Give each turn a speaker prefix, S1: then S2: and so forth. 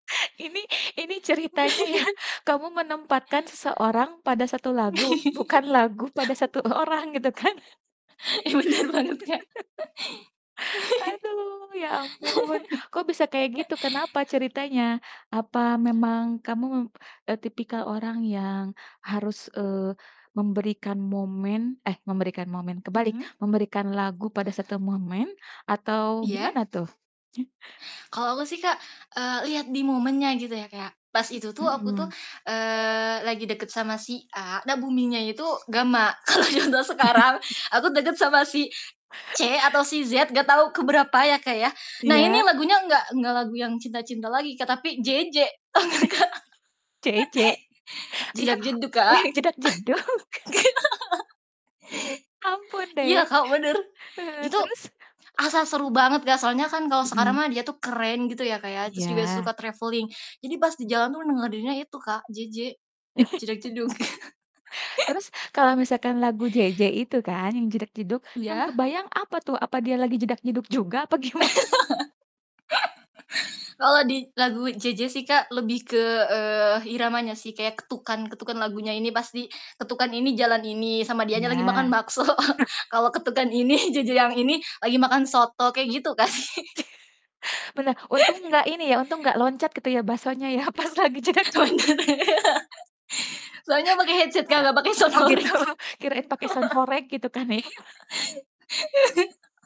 S1: Ini ini ceritanya ya kamu menempatkan seseorang pada satu lagu, bukan lagu pada satu orang gitu kan?
S2: Ih, bener banget Kak.
S1: Aduh, ya ampun. Kok bisa kayak gitu kenapa ceritanya? Apa memang kamu, eee, tipikal orang yang harus, eee, memberikan momen eh, memberikan momen, kebalik,
S2: Mhm.
S1: memberikan lagu pada satu momen atau
S2: Iya.
S1: gimana tuh?
S2: Kalau aku sih Kak, eee, liat di momennya gitu ya kayak, pas itu tuh aku tuh,
S1: Mhm.
S2: eee, lagi deket sama si A, nah buminya itu gamma. yang da sekarang aku deket sama si C atau si Z gak tau ke berapa ya Kak ya. Nah ini
S1: Iya.
S2: lagunya gak gak lagu yang cinta-cinta lagi Kak, tapi JJ. Tau gak, Kak?
S1: JJ? Iya,
S2: Jedag jedug
S1: oh
S2: Kak.
S1: ya jedag-jedug.
S2: Nggak ta
S1: Ampun deh.
S2: Iya Kak, bener.
S1: Heeh,
S2: Itu
S1: terus?
S2: asa seru banget Kak, soalnya kan kalo sekarang
S1: Mhm.
S2: mah dia tuh keren gitu ya Kak ya, terus juga
S1: Iya.
S2: suka travelling. Jadi pas di jalan tuh ngedengerinnya itu Kak, JJ, jedag jedug.
S1: Terus kalau misalkan lagu JJ itu kan yang jedag-jedug, yang
S2: Iya?
S1: kebayang apa tuh apa dia lagi jedag-jedug juga apa gimana?
S2: Kalo di lagu JJ sih Kak lebih ke, eee, iramanya sih kayak ketukan ketukan lagunya ini pasti ketukan ini jalan ini sama dianya lagi makan
S1: Iya.
S2: bakso. Kalau ketukan ini JJ yang ini lagi makan soto kayak gitu, Kak.
S1: Pernah, untung gak ini ya, untung gak loncat gitu ya baksonya ya pas lagi jedag-jedug.
S2: Bener ya, soalnya pake headset Kak,
S1: Heeh,
S2: gak pake sound
S1: oh gitu
S2: horeg.
S1: kirain pake sound horeg gitu kan ya.